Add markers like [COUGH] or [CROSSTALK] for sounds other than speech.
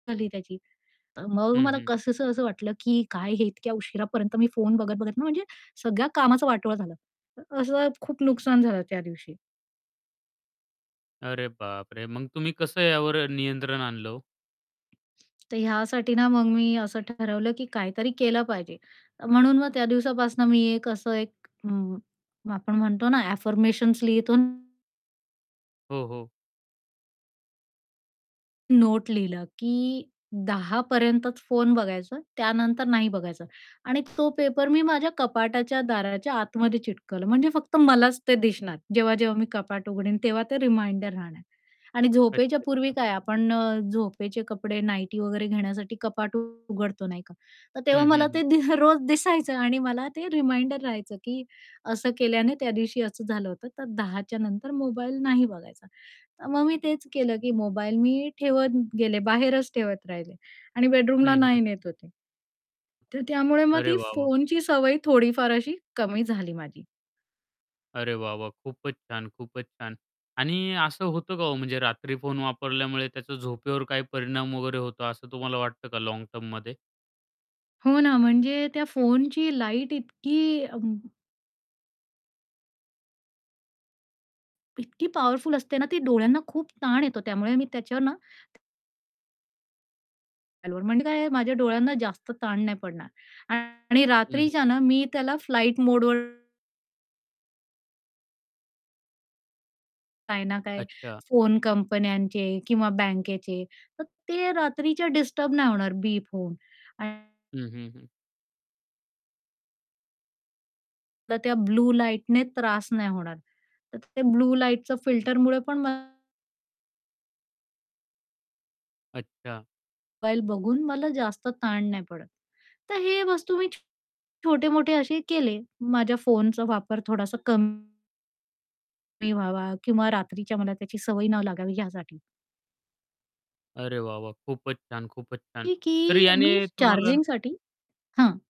झाली त्याची. अ, मग हं, मला हं. कसंस असं वाटलं की काय हे इतक्या उशिरापर्यंत मी फोन बघत-बघत ना, म्हणजे सगळ्या कामाचा वाटोळ झालं. अ, असं खूप नुकसान झालं त्या दिवशी. अरे बापरे! मग तुम्ही कसं यावर अ, नियंत्रण आणलं हो? तर ह्यासाठी ना, मग मी असं ठरवलं, की काहीतरी केलं पाहिजे. अ, म्हणून मग त्या दिवसापासून मी एक असं एक अ, आपण म्हणतो ना अफर्मेशन्स लिहितो ना. हो, हो. नोट लिहिलं, की 10:00 पर्यंतच फोन बघायचा, त्यानंतर नाही बघायचं आणि तो पेपर मी माझ्या कपाटाच्या दाराच्या आतमध्ये चिटकवलं म्हणजे फक्त मलाच ते दिसणार, जेव्हा-जेव्हा मी कपाट उघडीन, तेव्हा ते रिमाइंडर राहणार. आणि झोपेच्या अच्छा, पूर्वी अच्छा. काय आपण अ, झोपेचे कपडे नाईटी वगैरे घेण्यासाठी कपाट उ उघडतो, नाही का? तर तेव्हा हं, हं, मला हं. ते दि अ, रोज दिसायचं आणि मला ते रिमाइंडर राहायचं, की असं केल्याने त्या दिवशी असं झालं होतं. तर 10:00च्या नंतर मोबाईल नाही बघायचा. तर मग मी तेच केलं, की मोबाईल मी ठेवत गेले, बाहेरच ठेवत राहिले आणि हं, बेडरूमला हं, नाही हं. नेत होते. तर त्यामुळे मग अरे ती वाह! वाह! फोनची सवय थोडीफार अशी कमी झाली माझी. अरे वा वा! खूपच छान, खूपच छान! आणि असं होतं का हो, म्हणजे रात्री फोन वापरल्यामुळे त्याचा झोपेवर काय परिणाम वगैरे होतो असं तुम्हाला वाटतं का लाँग टर्ममध्ये? हो ना, म्हणजे त्या फोनची लाईट इतकी अम इतकी पॉवरफुल असते ना ती डोळ्यांना खूप ताण येतो त्यामुळे मी त्याच्यावर ना [UNINTELLIGIBLE] म्हणजे काय आहे, माझ्या डोळ्यांना जास्त ताण नाही पडणार. आणि हं, हं. रात्रीच्या ना, मी त्याला फ्लाइट मोडवर काही ना काही, अच्छा. फोन कंपन्यांचे किंवा बँकेचे, तर ते रात्रीच्या डिस्टर्ब नाही होणार बीप होऊन. आणि हं, हं, हं. तर त्या ब्लू लाईटने त्रास नाही होणार. तर ते ब्लू लाईटचं फिल्टरमुळे पण म अच्छा. मोबाईल बघून मला जास्त ताण नाही पडत. तर हे वस्तू मी छो छोटे-मोठे असे केले, माझ्या फोनचा वापर थोडासा कम कमी व्हावा किंवा रात्रीच्या मला त्याची सवय न लागावी यासाठी. अरे वाह! वाह! खूपच छान, खूपच छान! की की तर याने मी तुम्हाला चार्जिंगसाठी हां.